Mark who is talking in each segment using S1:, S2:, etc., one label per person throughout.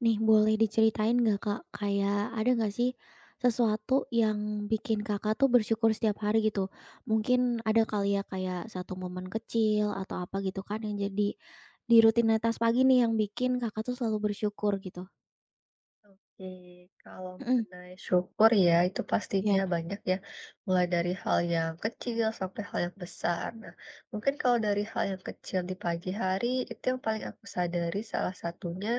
S1: Nih boleh diceritain nggak Kak, kayak ada nggak sih, sesuatu yang bikin Kakak tuh bersyukur setiap hari gitu. Mungkin ada kali ya kayak 1 momen kecil atau apa gitu kan yang jadi di rutinitas pagi nih yang bikin Kakak tuh selalu bersyukur gitu.
S2: Oke. Kalau
S1: Mhm.
S2: mengenai syukur ya, itu pastinya
S1: Iya.
S2: banyak ya, mulai dari hal yang kecil sampai hal yang besar. Nah, mungkin kalau dari hal yang kecil di pagi hari, itu yang paling aku sadari salah satunya,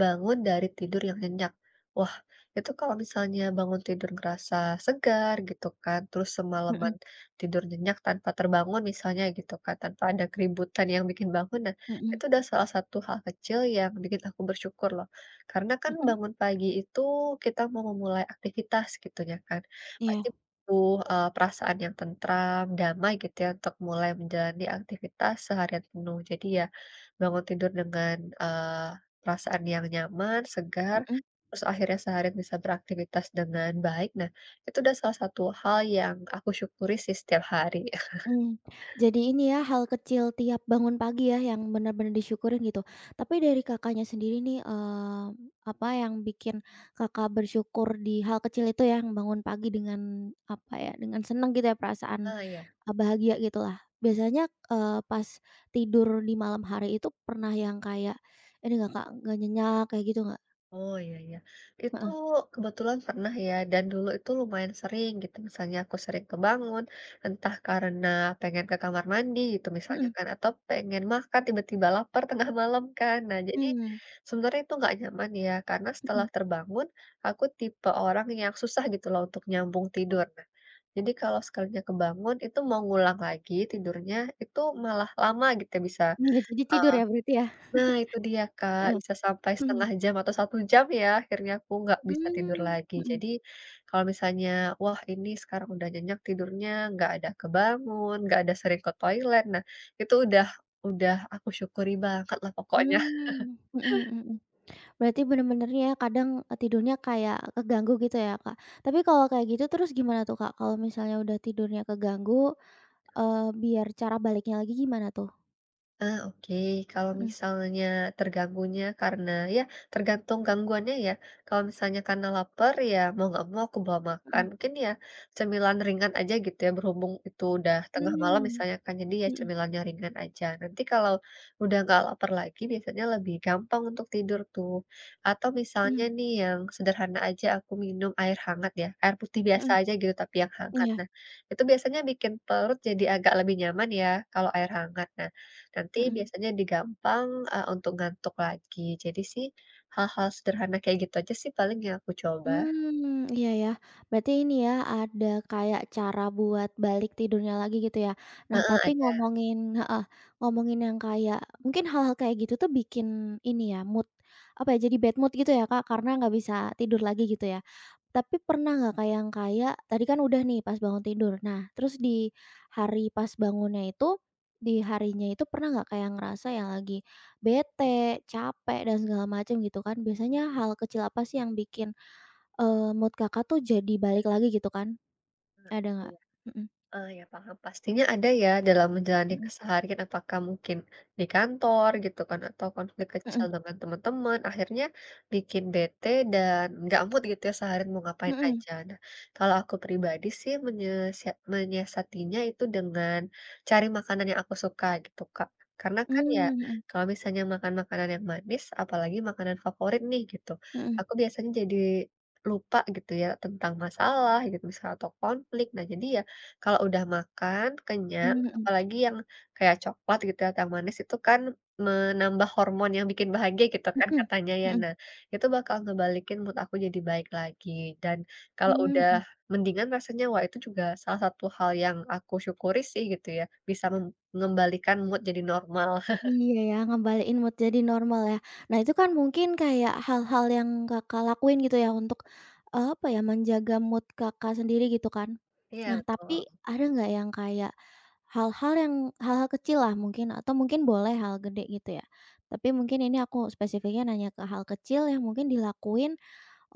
S2: bangun dari tidur yang nyenyak. Wah, itu kalau misalnya bangun tidur ngerasa segar gitu kan. Terus
S1: Mhm.
S2: semaleman tidur nyenyak tanpa terbangun misalnya gitu kan, tanpa ada keributan yang bikin bangun, nah,
S1: Mhm.
S2: itu sudah salah satu hal kecil yang bikin aku bersyukur loh. Karena kan
S1: Mhm.
S2: bangun pagi itu kita mau memulai aktivitas gitunya kan, pasti
S1: Iya.
S2: butuh, eee, perasaan yang tentram, damai gitu ya untuk mulai menjalani aktivitas seharian penuh. Jadi ya, bangun tidur dengan, eee, perasaan yang nyaman, segar,
S1: Mhm.
S2: terus akhirnya seharian bisa beraktifitas dengan baik. Nah, itu udah salah satu hal yang aku syukuri sih setiap hari.
S1: Mhm, jadi ini ya hal kecil tiap bangun pagi ya, yang benar-benar disyukurin gitu. Tapi dari Kakaknya sendiri nih, eee, apa yang bikin Kakak bersyukur di hal kecil itu yang bangun pagi dengan apa ya, dengan senang gitu ya, perasaan
S2: Ah, iya.
S1: e bahagia gitu lah. Biasanya, eee, pas tidur di malam hari itu pernah yang kayak ini nggak Kak, nggak nyenyak kayak gitu nggak?
S2: Oh, iya, ya. Itu
S1: Heeh.
S2: kebetulan pernah ya, dan dulu itu lumayan sering gitu, misalnya aku sering kebangun, entah karena pengen ke kamar mandi gitu misalnya
S1: Mhm.
S2: kan, atau pengen makan, tiba-tiba lapar tengah malam kan. Nah jadi,
S1: Hmm.
S2: sebenarnya itu enggak nyaman ya, karena setelah
S1: Mhm.
S2: terbangun, aku tipe orang yang susah gitu loh untuk nyambung tidur. Nah, jadi kalau sekalinya kebangun itu mau ngulang lagi tidurnya, itu malah lama gitu bisa,
S1: Nggak jadi
S2: e
S1: tidur ya berarti ya.
S2: nah, itu dia Kak,
S1: Heeh.
S2: bisa sampai
S1: Mhm.
S2: 1/2 jam atau 1 jam ya, akhirnya aku enggak bisa tidur
S1: Hmm.
S2: lagi.
S1: Mhm.
S2: Jadi, kalau misalnya, wah, ini sekarang udah nyenyak tidurnya, enggak ada kebangun, enggak ada sering ke toilet. Nah, itu udah udah aku syukuri banget lah pokoknya.
S1: Mmm, mhm mhm mhm. Berarti benar-benarnya ya, kadang tidurnya kayak keganggu gitu ya Kak. Tapi kalau kayak gitu terus gimana tuh Kak, kalau misalnya udah tidurnya keganggu, eee, biar cara baliknya lagi gimana tuh?
S2: Ah, oke, kalau
S1: Hmm.
S2: misalnya terganggunya karena iya, tergantung gangguannya ya. Kalau misalnya karena laper ya mau enggak mau aku bawa
S1: Hmm.
S2: makan, mungkin ya cemilan ringan aja gitu ya. Berhubung itu udah tengah malam
S1: Mmm,
S2: misalnya kan, jadi ya
S1: mhm.
S2: cemilannya ringan aja. Nanti kalau udah enggak laper lagi, biasanya lebih gampang untuk tidur tuh. Atau misalnya
S1: Mhm.
S2: nih yang sederhana aja aku minum air hangat ya, air putih biasa
S1: Mhm.
S2: aja gitu, tapi yang hangat.
S1: Iya.
S2: Nah, itu biasanya bikin perut jadi agak lebih nyaman ya kalau air hangat. Nah, nanti
S1: Mhm.
S2: biasanya di gampang, e untuk ngantuk lagi. Jadi sih hal-hal sederhana kayak gitu aja sih paling yang aku coba.
S1: Hmm, iya iya, berarti ini ya, ada kayak cara buat balik tidurnya lagi gitu ya. Nah,
S2: Heeh,
S1: tapi
S2: ada.
S1: ngomongin heeh, ngomongin yang kayak mungkin hal-hal kayak gitu tuh bikin ini ya, mood, apa ya, jadi bad mood gitu ya Kak, karena enggak bisa tidur lagi gitu ya. Tapi pernah enggak Kak yang kayak, tadi kan udah nih pas bangun tidur. Nah, terus di hari pas bangunnya itu, di harinya itu pernah enggak kayak ngerasa yang lagi bete, cape, dan segala macem gitu kan. Biasanya hal kecil apa sih yang bikin, eee, mood Kakak tuh jadi balik lagi gitu kan,
S2: Ah, iya.
S1: ada nggak? Mhm.
S2: Oh, iya, paham, pastinya ada ya dalam menjalani
S1: Mhm.
S2: keseharian, apakah mungkin di kantor gitu kan, atau konflik kecil
S1: Mhm.
S2: dengan teman-teman. Akhirnya, bikin bete dan enggak mood gitu ya seharian mau ngapain
S1: Mhm.
S2: aja. Nah kalau aku pribadi sih menyesiat menyiasatinya itu dengan cari makanan yang aku suka, gitu Kak. Karena kan ya,
S1: Mmm, mhm.
S2: kalau misalnya makan makanan yang manis, apalagi makanan favorit nih gitu.
S1: Mhm.
S2: Aku biasanya jadi lupa gitu ya tentang masalah gitu misal atau konflik. Nah jadi ya, kalau udah makan, kenyang,
S1: Mmm, mhm.
S2: apalagi yang kayak coklat gitu ya, atau manis itu kan menambah hormon yang bikin bahagia gitu kan
S1: Mhm
S2: katanya ya.
S1: mhm.
S2: Nah, itu bakal ngebalikin mood aku jadi baik lagi. Dan, kalau
S1: Mmm,
S2: udah
S1: hmm.
S2: mendingan rasanya, wah itu juga salah satu hal yang aku syukuri sih gitu ya, bisa mem ngembalikan mood jadi normal.
S1: Iya iya, ngembaliin mood jadi normal ya. Nah itu kan mungkin kayak hal-hal yang Kakak lakuin gitu ya untuk, e apa ya, menjaga mood Kakak sendiri gitu kan.
S2: Iya,
S1: Nah
S2: betul.
S1: tapi, ada enggak yang kayak hal-hal yang hal-hal kecil lah mungkin atau mungkin boleh hal gede gitu ya. Tapi mungkin ini aku, spesifiknya nanya ke hal kecil yang mungkin dilakuin,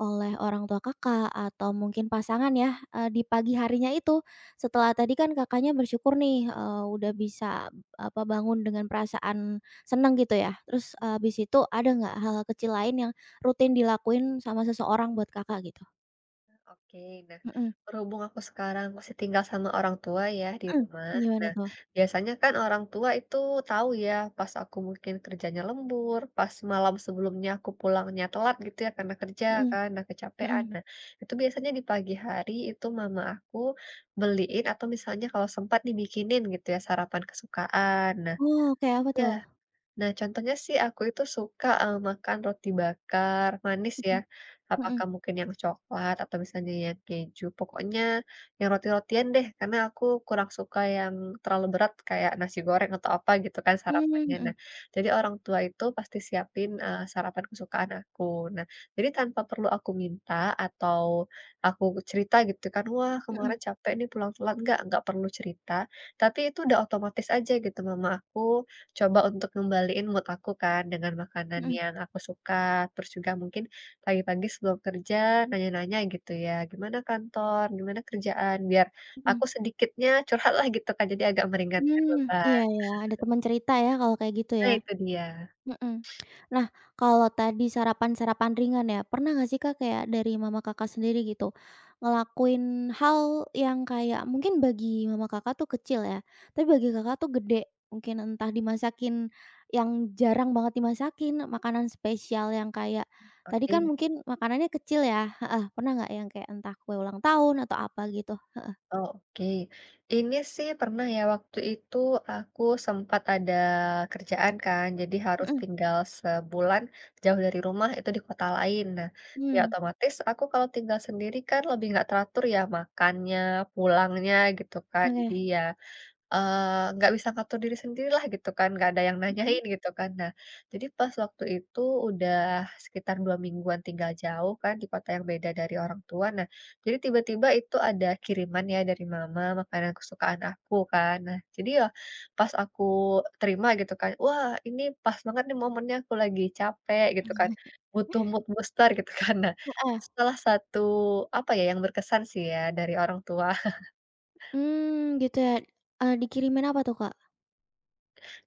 S1: oleh orang tua Kakak atau mungkin pasangan ya, eee, di pagi harinya itu, setelah tadi kan Kakaknya bersyukur nih, eee, udah bisa ab apa bangun dengan perasaan senang gitu ya. Terus, eee, habis itu ada enggak hal-hal kecil lain yang rutin dilakuin sama seseorang buat Kakak gitu?
S2: Oke, nah,
S1: Mhm.
S2: berhubung aku sekarang masih tinggal sama orang tua, ya, di
S1: Mhm,
S2: rumah.
S1: gimana
S2: Nah,
S1: tuh?
S2: biasanya kan orang tua itu tahu ya, pas aku mungkin kerjanya lembur, pas malam sebelumnya aku pulangnya telat, gitu ya, karena kerja
S1: Mhm.
S2: kan, nah, kecapekan.
S1: Mhm.
S2: Nah, itu biasanya di pagi hari itu mama aku, beliin, atau misalnya kalau sempat dibikinin gitu ya, sarapan kesukaan. Nah
S1: Oh, kayak apa,
S2: iya.
S1: tuh?
S2: Nah, contohnya sih aku itu suka, eee, makan roti bakar, manis ya,
S1: Mhm, mhm.
S2: apakah mungkin yang coklat atau misalnya yang keju, pokoknya yang roti-rotian deh, karena aku kurang suka yang terlalu berat, kayak nasi goreng, atau apa, gitu kan,
S1: Hmm,
S2: sarapannya. Nah,
S1: mhm.
S2: jadi orang tua itu pasti siapin, eee, sarapan kesukaan aku. Nah, jadi tanpa perlu aku minta, atau, aku cerita gitu kan, "Wah,
S1: Mhm.
S2: kemarin capek nih, pulang-pulang." Enggak, enggak perlu cerita. Tapi itu udah otomatis aja gitu, mama aku coba untuk ngembaliin mood aku kan, dengan makanan
S1: Mhm.
S2: yang aku suka. Terus juga mungkin pagi-pagi sebelum kerja, nanya-nanya gitu ya, "Gimana kantor? Gimana kerjaan?" Biar aku
S1: Mhm.
S2: sedikitnya curhat lah gitu kan. Jadi agak meringankan
S1: Hmm, iya
S2: beban.
S1: iya, ada temen cerita ya kalau kayak gitu
S2: Nah
S1: ya?
S2: itu dia.
S1: Mhm. Nah, kalau tadi sarapan-sarapan ringan ya, pernah nggak sih Kak, kayak dari mama Kakak sendiri gitu, ngelakuin hal yang kayak mungkin bagi mama Kakak tuh kecil ya, tapi bagi Kakak tuh gede? Mungkin entah dimasakin yang jarang banget dimasakin, makanan spesial yang kayak tadi kan
S2: Pakein.
S1: mungkin makanannya kecil ya? Heeh, pernah enggak yang kayak entah kue ulang tahun atau apa gitu? Heeh.
S2: Oh, oke. Ini sih pernah ya, waktu itu aku sempat ada kerjaan kan, jadi harus
S1: Mhm.
S2: tinggal sebulan jauh dari rumah, itu di kota lain. Nah, ya
S1: Hmm.
S2: otomatis aku kalau tinggal sendiri kan lebih enggak teratur ya, makannya, pulangnya, gitu kan. Jadi,
S1: Oke.
S2: ya, eee, enggak bisa ngatur diri sendiri lah, gitu kan, enggak ada yang
S1: Mhm?
S2: nanyain, gitu kan. Nah, jadi pas waktu itu, udah sekitar 2 mingguan tinggal jauh kan, di kota yang beda dari orang tua. Nah, jadi tiba-tiba itu ada kiriman ya dari mama, makanan kesukaan aku kan. Nah, jadi ya, pas aku terima gitu kan, "Wah, ini pas banget nih momennya aku lagi capek," gitu kan, "butuh mood booster," gitu, kan. Nah,
S1: Heeh.
S2: setelah satu, apa ya, yang berkesan sih ya, dari orang tua.
S1: Mmm, gitu ya? Eee, dikirimin apa tuh, Kak?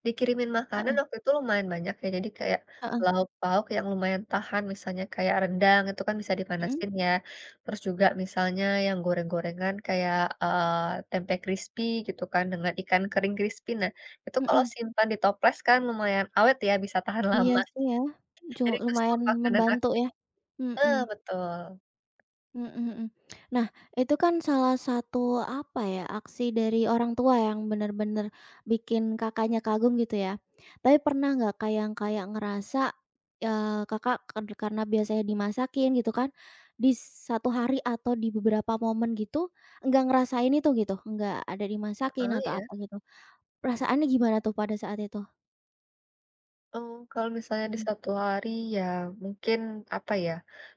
S2: Dikirimin makanan
S1: Heeh.
S2: waktu itu lumayan banyak ya, jadi kayak,
S1: Heeh.
S2: lauk pauk yang lumayan tahan, misalnya kayak rendang itu kan bisa
S1: Mhm.
S2: dipanasin ya, terus juga misalnya yang goreng-gorengan kayak, eee, tempe krispi gitu kan dengan ikan kering krispi. Nah, itu kalau
S1: Mhm.
S2: simpan di toples kan lumayan awet ya, bisa tahan
S1: Iya,
S2: lama.
S1: sih, ya, cu
S2: Jadi itu stok
S1: lumayan
S2: makanan
S1: membantu
S2: aku
S1: ya. Mhm.
S2: eh, betul.
S1: Mhm mhm. Nah, itu kan salah satu apa ya, aksi dari orang tua yang benar-benar bikin Kakaknya kagum gitu ya. Tapi pernah enggak Kak, yang kayak ngerasa, eee, Kakak ka karena biasanya dimasakin gitu kan, bis 1 hari atau di beberapa momen gitu, enggak ngerasain itu gitu, enggak ada dimasakin
S2: Heeh,
S1: atau
S2: iya?
S1: apa gitu. Perasaannya gimana tuh pada saat itu?
S2: Oh, kalau misalnya di
S1: Mhm.
S2: 1 hari ya mungkin, apa ya,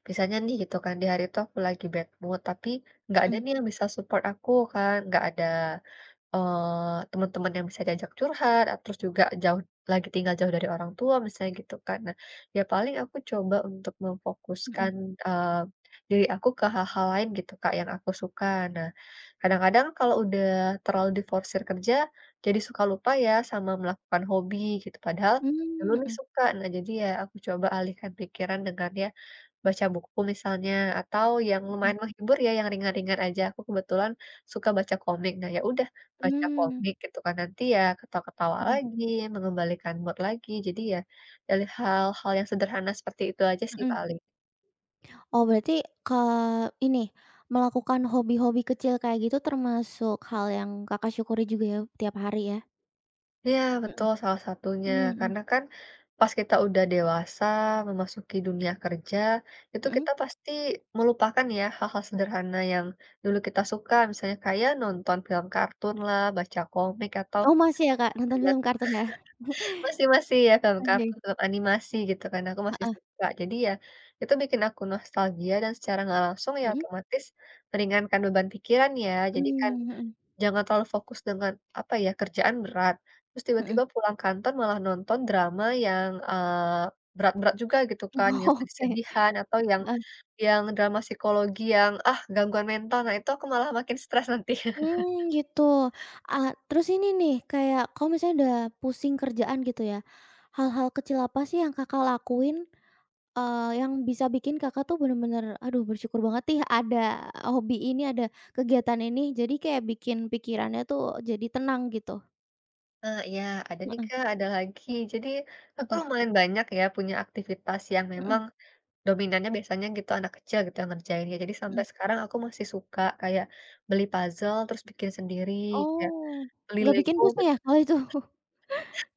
S2: misalnya nih gitu kan, di hari itu aku lagi bad mood, tapi, enggak ada
S1: Mhm.
S2: nih yang bisa support aku kan, enggak ada, eee, teman-teman yang bisa diajak curhat, terus juga jauh lagi tinggal jauh dari orang tua misalnya gitu kan. Nah, ya paling aku coba untuk
S1: Mhm.
S2: memfokuskan, eee, diri aku ke hal-hal lain gitu Kak, yang aku suka. Nah, kadang-kadang kalau udah terlalu diforsir kerja, jadi suka lupa ya sama melakukan hobi gitu, padahal dulu
S1: Mmm,
S2: nih
S1: mhm.
S2: suka. Nah jadi ya, aku coba alihkan pikiran dengan ya, baca buku misalnya, atau yang
S1: Mhm.
S2: lumayan menghibur ya, yang ringan-ringan aja. Aku kebetulan suka baca komik. Nah, ya udah, baca
S1: Mmm.
S2: komik gitu kan, nanti ya ketawa-ketawa
S1: Mhm.
S2: lagi, mengembalikan mood lagi. Jadi ya, dari hal-hal yang sederhana seperti itu aja sih
S1: Mhm.
S2: paling.
S1: Oh, berarti ke ini, melakukan hobi-hobi kecil kayak gitu, termasuk hal yang Kakak syukuri juga ya, tiap hari ya.
S2: Iya
S1: Mhm.
S2: betul, salah satunya.
S1: Mmm, mhm.
S2: Karena kan, pas kita udah dewasa, memasuki dunia kerja, itu
S1: Mhm?
S2: kita pasti melupakan ya, hal-hal sederhana yang dulu kita suka, misalnya kayak nonton film kartun lah, baca komik atau
S1: Oh masih ya, Kak,
S2: cegat
S1: nonton film kartun ya?
S2: masih masih ya film
S1: Oke.
S2: kartun atau animasi, gitu kan, aku masih
S1: Heeh.
S2: suka. Jadi ya, itu bikin aku nostalgia dan secara enggak langsung ya
S1: Mhm.
S2: otomatis, meringankan beban pikiran ya. Jadi
S1: Mmm,
S2: kan,
S1: mhm.
S2: jangan terlalu fokus dengan apa ya, kerjaan berat, terus tiba-tiba
S1: Mhm.
S2: pulang kantor, malah nonton drama yang, eee, berat-berat juga gitu kan, yang
S1: Oke.
S2: sedih-sedihan atau yang
S1: Man
S2: yang drama psikologi yang, ah, gangguan mental. Nah itu aku malah makin stres nanti.
S1: Mmm, gitu. Ah, terus ini nih, kayak kalau misalnya udah pusing kerjaan, gitu ya, hal-hal kecil apa sih yang Kakak lakuin, eee, yang bisa bikin Kakak tuh, benar-benar, aduh bersyukur banget nih ada hobi ini, ada kegiatan ini, jadi kayak bikin pikirannya tuh, jadi tenang gitu?
S2: Ah, iya. Ada nih,
S1: Heeh.
S2: Kak, ada lagi. Jadi, aku tuh
S1: Apa?
S2: lumayan banyak ya, punya aktivitas yang
S1: Heeh.
S2: memang, dominannya biasanya gitu, anak kecil gitu, yang ngerjainnya. Jadi sampai
S1: Mhm.
S2: sekarang, aku masih suka kayak beli puzzle, terus bikin sendiri, kayak
S1: Oh,
S2: beli
S1: enggak bikin
S2: Lego
S1: pusing
S2: men
S1: ya, kalau itu,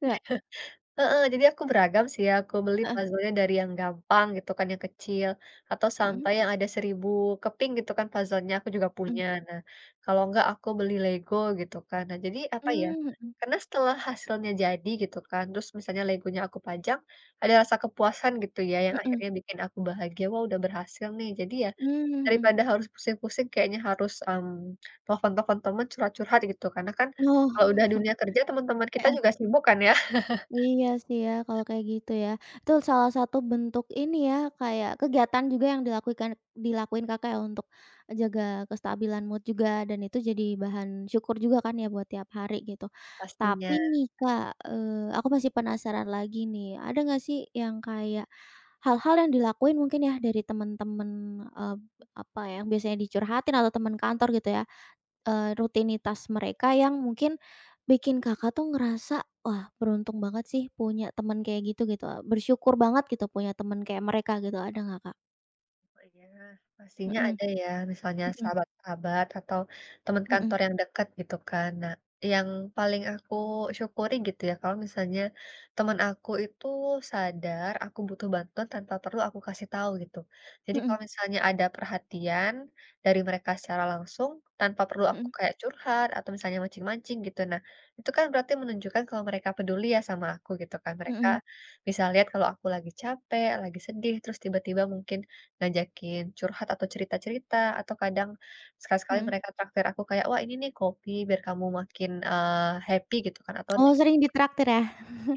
S1: enggak?
S2: Iya. Heeh. Jadi aku beragam sih ya, sku beli
S1: Heeh.
S2: puzzle-nya dari yang gampang, gitu kan, yang kecil, atau
S1: Mhm.
S2: sampai yang ada 1.000 keping gitu kan puzzle-nya, aku juga
S1: Mhm.
S2: punya. Nah, kalau enggak aku beli Lego, gitu kan, nah, jadi apa ya,
S1: Mmm, mhm.
S2: karena setelah hasilnya jadi gitu kan, terus misalnya Lego-nya aku pajang, ada rasa kepuasan gitu ya, yang
S1: Mhm.
S2: akhirnya bikin aku bahagia, "Wah, udah berhasil nih." Jadi ya,
S1: Mmm, mhm
S2: daripada harus pusing-pusing kayaknya harus, mmm, telepon-telepon teman, curhat-curhat, gitu. Karena kan,
S1: Oh.
S2: kalau udah dunia kerja, teman-teman kita
S1: Heeh.
S2: juga sibuk kan ya?
S1: Iya sih ya, kalau kayak gitu ya. Itu salah satu bentuk ini ya, kayak kegiatan juga yang dilakuikan dilakuin Kakak ya, untuk jaga kestabilan mood juga, dan itu jadi bahan syukur juga kan ya, buat tiap hari gitu. Tapi
S2: Pastinya.
S1: nih Kak, eee, aku masih penasaran lagi nih. Ada nggak sih, yang kayak, hal-hal yang dilakuin mungkin ya, dari teman-teman, eb apa ya, biasanya dicurhatin atau teman kantor gitu ya, eee, rutinitas mereka yang mungkin bikin Kakak tuh ngerasa, "Wah, beruntung banget sih, punya teman kayak gitu," gitu. Bersyukur banget gitu, punya teman kayak mereka gitu. Ada nggak, Kak?
S2: Oh, iya, pastinya
S1: Mhm.
S2: ada ya, misalnya
S1: Mhm.
S2: sahabat-sahabat atau teman
S1: Mhm.
S2: kantor yang dekat gitu kan. Nah, yang paling aku syukuri gitu ya, kalau misalnya teman aku itu sadar, aku butuh bantuan tanpa perlu aku kasih tahu gitu. Jadi
S1: Mhm.
S2: kalau misalnya ada perhatian dari mereka secara langsung, tanpa perlu aku
S1: Mhm.
S2: kayak curhat, atau misalnya mancing-mancing gitu. Nah, itu kan berarti menunjukkan kalau mereka peduli ya, sama aku, gitu kan. Mereka
S1: Mhm.
S2: bisa lihat kalau aku lagi capek, lagi sedih, terus tiba-tiba mungkin ngajakin curhat atau cerita-cerita, atau kadang sekali-sekali
S1: Mhm.
S2: mereka traktir aku kayak, "Wah, ini nih kopi biar kamu makin, eee, happy," gitu kan atau ne
S1: Oh, sering ditraktir ya?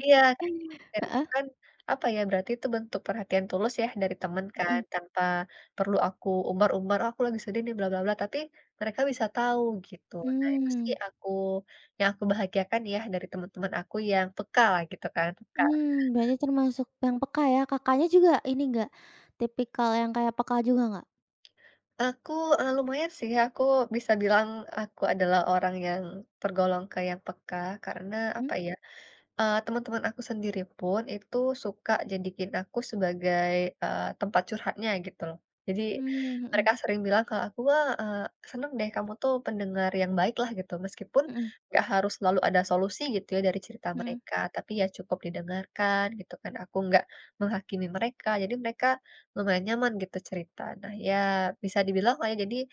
S2: Iya, kayak gitu
S1: Heeh.
S2: kan, apa ya, berarti itu bentuk perhatian tulus ya, dari teman kan,
S1: Mhm.
S2: tanpa perlu aku umbar-umbar, ah, aku lagi sedih nih, bla bla bla, tapi mereka bisa tahu, gitu. Nah itu sih
S1: Mmm.
S2: aku yang aku bahagiakan ya, dari teman-teman aku yang peka lah, gitu kan, peka.
S1: Mmm, Mbaknya termasuk yang peka ya, Kakaknya juga ini nggak, tipikal yang kayak peka juga enggak?
S2: Aku, e lumayan sih, aku bisa bilang aku adalah orang yang tergolong kayak peka, karena
S1: Mhm.
S2: apa ya, eee, teman-teman aku sendiri pun itu suka jadiin aku sebagai, eee, tempat curhatnya gitu loh. Jadi,
S1: Mmm,
S2: mereka
S1: mhm.
S2: sering bilang ke aku, "Wah, eee, senang deh kamu tuh pendengar yang baik lah," gitu, meskipun
S1: Mhm.
S2: enggak harus selalu ada solusi gitu ya dari cerita
S1: Mhm.
S2: mereka, tapi ya cukup didengarkan gitu kan, aku enggak menghakimi mereka, jadi mereka lumayan nyaman gitu cerita. Nah ya, bisa dibilang lah ya, jadi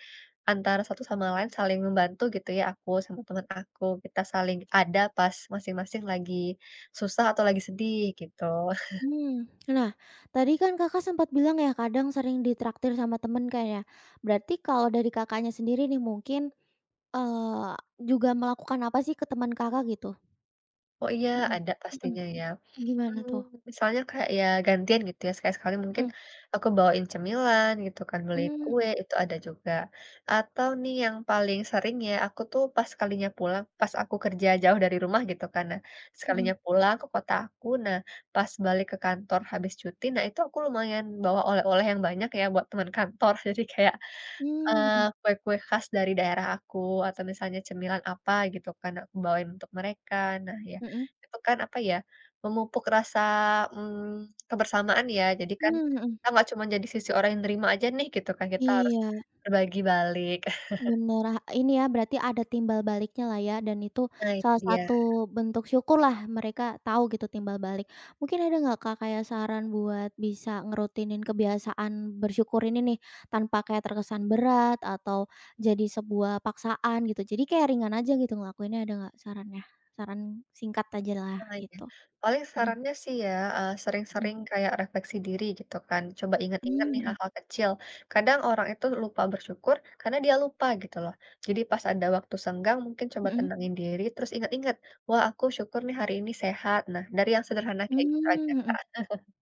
S2: antara satu sama lain saling membantu gitu ya aku sama teman aku, kita saling ada pas masing-masing lagi susah atau lagi sedih, gitu.
S1: Mhm, nah, tadi kan Kakak sempat bilang ya, kadang sering ditraktir sama teman kan ya. Berarti kalau dari Kakaknya sendiri nih mungkin, eee, juga melakukan apa sih ke teman Kakak gitu?
S2: Oh, iya,
S1: Mhm,
S2: ada
S1: mhm.
S2: pastinya ya.
S1: Gimana
S2: Hmm,
S1: tuh?
S2: misalnya kayak ya gantian gitu ya, sekali sekali mungkin
S1: Mhm.
S2: aku bawain cemilan gitu kan, beli
S1: Mmm,
S2: kue
S1: mhm.
S2: itu ada juga. Atau nih yang paling sering ya, aku tuh pas sekalinya pulang, pas aku kerja jauh dari rumah, gitu kan. Nah, sekalinya
S1: Mhm.
S2: pulang ke kota aku, nah, pas balik ke kantor habis cuti, nah itu aku lumayan bawa oleh-oleh yang banyak ya buat teman kantor, jadi kayak,
S1: Mmm, mhm.
S2: eee, kue-kue khas dari daerah aku, atau misalnya cemilan apa gitu kan, nah aku bawain untuk mereka. Nah ya,
S1: Mhm.
S2: itu kan apa ya, memupuk rasa, mmm, kebersamaan ya, jadi kan
S1: Mmm, mhm.
S2: kita enggak cuma jadi sisi orang yang nerima aja nih gitu kan, kita harus
S1: Iya.
S2: berbagi balik.
S1: Benar lah ini ya, berarti ada timbal baliknya lah ya, dan itu
S2: Nah, itu
S1: salah
S2: dia.
S1: satu bentuk syukurlah mereka tahu gitu timbal balik. Mungkin ada enggak Kak kayak saran buat bisa ngerutinin kebiasaan bersyukur ini nih, tanpa kayak terkesan berat atau jadi sebuah paksaan gitu? Jadi kayak ringan aja gitu ngelakuinnya ada enggak sarannya? Saran singkat aja lah,
S2: Wah, iya.
S1: gitu.
S2: Paling
S1: Mhm.
S2: sarannya sih ya, eee,
S1: Mhm.
S2: sering-sering kayak refleksi diri gitu kan. Coba ingat-ingat
S1: Mmm,
S2: nih
S1: mhm.
S2: hal-hal kecil. Kadang orang itu lupa bersyukur, karena dia lupa gitu loh. Jadi pas ada waktu senggang, mungkin coba
S1: Mhm.
S2: tenangin diri, terus ingat-ingat, "Wah, aku syukur nih hari ini sehat," nah, dari yang sederhana kayak gitu aja
S1: Mmm, mhm.
S2: Kak.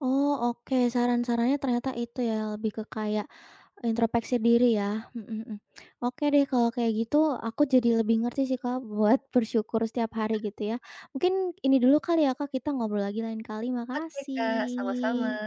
S1: Oh, oke, saran-sarannya ternyata itu ya, lebih ke kayak introspeksi diri ya. Mhm mhm. Oke deh kalau kayak gitu, aku jadi lebih ngerti sih Kak, buat bersyukur setiap hari gitu ya. Mungkin, ini dulu kali ya Kak, kita ngobrol lagi lain kali.
S2: Oke, Kak, sama-sama.
S1: Makasih.